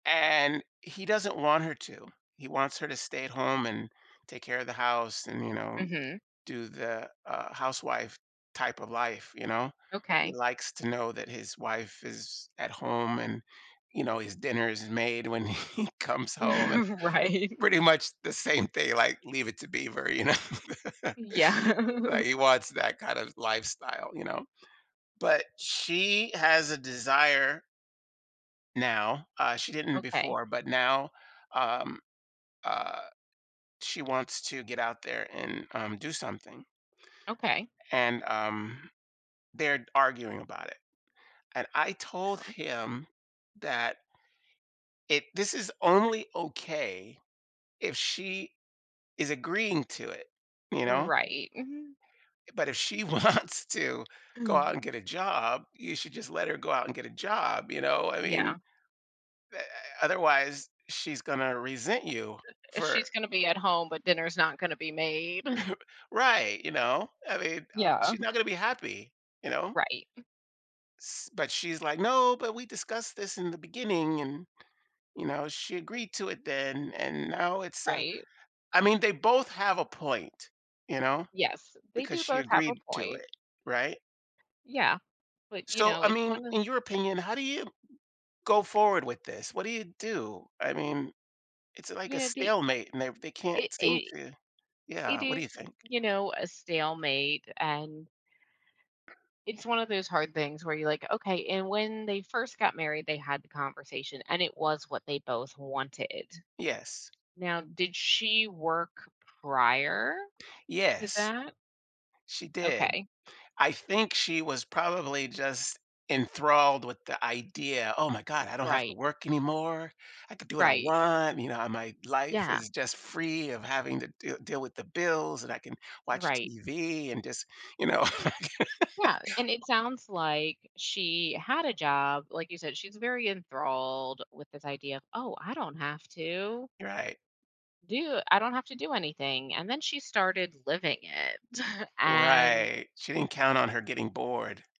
And he doesn't want her to. He wants her to stay at home and take care of the house and, you know, Mhm. do the, uh, housewife type of life, you know? He Okay. likes to know that his wife is at home and, you know, his dinner is made when he comes home, and Right. pretty much the same thing, like, Leave It to Beaver, you know the Yeah. Like, he wants that kind of lifestyle, you know? But she has a desire now- uh, she didn't Okay. before- but now, um, uh, she wants to get out there and, um, do something, Okay. and, um, they're d arguing about it. And I told Sure. him that it this is only okay if she is agreeing to it, you know? Right. Mhm. It But if she wants to go Hmm. out and get a job, you should just let her go out and get a job, you know, I mean Yeah. be eh, otherwise, she's gonna resent you Uh, for she's going to be at home, but dinner's not gonna be made. Right, you know, I mean, uh, Yeah. she's not gonna be happy, you know? Right. S But she's, like, "No, but we discussed this in the beginning, and, you know, she agreed to it then and now it's a" Right. I mean, they both have a point, you know Yes, they because do she both have a agreed to point. it, right? Yeah. But, you So, know, I it's mean, one of in your opinion, how do you go forward with this? What do you do? I mean, it's like a You know, the stalemate and they've they can't It seem it to Yeah it what do is, you think? you know, a stalemate, and it's one of those hard things where you're like, "Okay," and when they first got married, they had the conversation, and it was what they both wanted. Yes. Now did she work prior to Yes. that? She did. Okay. I think she was probably just enthralled with the idea, "Oh my god, I don't have to Right. work anymore. I could do what I Right. want, you know, I my life Yeah. is just free of having to deal deal with the bills, and I can You're watch right. TV and just," you know. I can't Yeah, and it sounds like she had a job. Like you said, she's very enthralled with this idea of, "Oh, I don't have to" You're right. "do I don't have to do anything," and then she started living it and Right. She didn't count on her getting bored.